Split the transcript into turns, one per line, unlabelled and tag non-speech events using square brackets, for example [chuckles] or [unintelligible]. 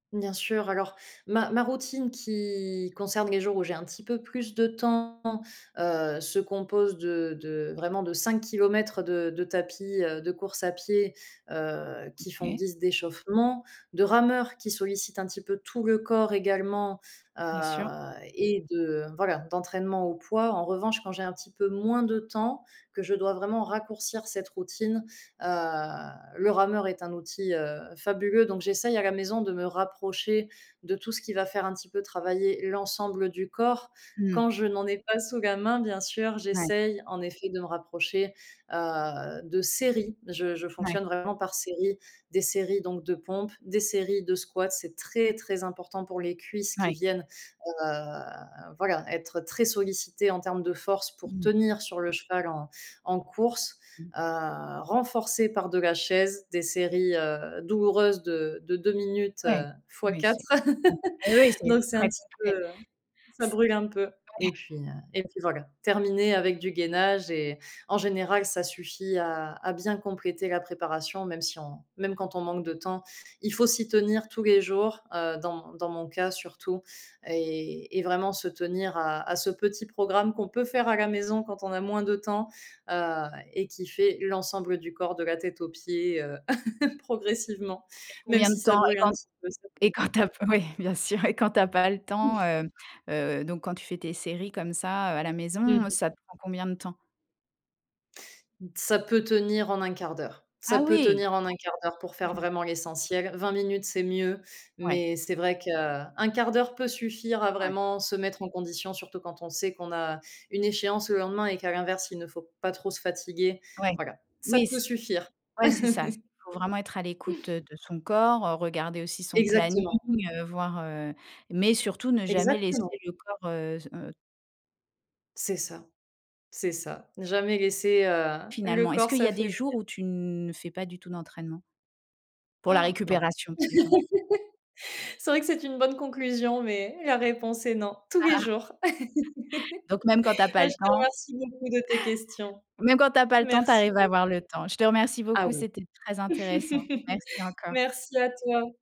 Bien sûr. Alors, ma ma routine qui concerne les jours où j'ai un petit peu plus de temps, heu, se compose de de vraiment, de 5 km de de tapis, heu, de course à pied, heu, qui font
OK.
guise d'échauffement, de rameur qui sollicite un petit peu tout le corps également, heu
Bien sûr.
et de, voilà, d'entraînement au poids. En revanche, quand j'ai un petit peu moins de temps, que je dois vraiment raccourcir cette routine, heu, le rameur est un outil, heu, fabuleux. Donc j'essaye à la maison de me rapprocher de tout ce qui va faire un petit peu travailler l'ensemble du corps. Quand
Mmh.
je n'en ai pas sous la main, bien sûr,
Ouais.
j'essaye, en effet, de me rapprocher, heu, de séries. Je je
Ouais.
fonctionne vraiment par séries, des séries donc de pompes, des séries de squats. C'est très, très important pour les cuisses qui
Ouais.
viennent, heu, voilà, être très sollicitées en termes de force pour
Mmh.
tenir sur le cheval en en course,
Mmh.
heu, renforcer par de la chaise, des séries, heu, douloureuses de de 2 minutes,
Ouais,
heu, fois
ouais, c'est
4.
com oui, oui,
[laughs]
c'est
Donc c'est un
très
petit peu
complet.
heu, ça
C
brûle un peu
ouais.
et puis, heu et puis voilà. Terminer avec du gainage et en général, ça suffit à à bien compléter la préparation, même si on même quand on manque de temps, il faut s'y tenir tous les jours, heu, dans mo dans mon cas surtout et et vraiment se tenir à à ce petit programme qu'on peut faire à la maison quand on a moins de temps, heu et qui fait l'ensemble du corps, de la tête aux pieds, heu, [laughs] progressivement,
Et
même
combien de
si ça
temps et
brûle un
quand
petit peu, ça.
et quand
[unintelligible]
tu as pas oui, bien sûr et quand tu as pas le temps,
[unintelligible]
heu heu, donc quand tu fais tes séries comme ça, heu, à la
Mmh
maison,
mh.
ça te prend combien de temps?
Ça peut tenir en 1/4 d'heure, ça
Ah
peut
oui!
tenir en 1/4 d'heure pour
Si
faire
je me
vraiment l'essentiel. 20 minutes, c'est mieux
Ouais.
mais c'est vrai que 1/4 d'heure peut suffire à
Ouais.
vraiment se mettre en condition, surtout quand on sait qu'on a une échéance le lendemain et qu'à l'inverse, il ne faut pas trop se fatiguer.
Ouais,
Voilà, ça
oui,
peut
c
suffire.
ouais, c'est ça. Il faut vraiment être à l'écoute,
[laughs]
heu, de son corps, regarder aussi son planning,
Exactement.
voir, heu, mais surtout ne jamais
Exactement.
laisser le corps, heu, se, heu
C'est ça, c'est ça. Ne jamais laisser, heu, le
Finalement, est-ce
corps
qu'il y a des
s'affaiblir.
jours où tu ne, heu, fais pas du tout d'entraînement? Pour la
[gasps] Non.
récupération, par exemple?
[laughs] C'est vrai que c'est une bonne conclusion, mais la réponse est non. Tous les jours.
[laughs] Donc, même quand tu as
[laughs]
pas
Bah,
le
je te
temps
remercie beaucoup de tes questions.
[chuckles] même quand tu as pas le temps, tu
Merci
arrives à
beaucoup.
avoir le temps. Je te remercie
Ah
beaucoup.
oui.
C'était très intéressant.
[laughs]
Merci encore.
Merci à toi.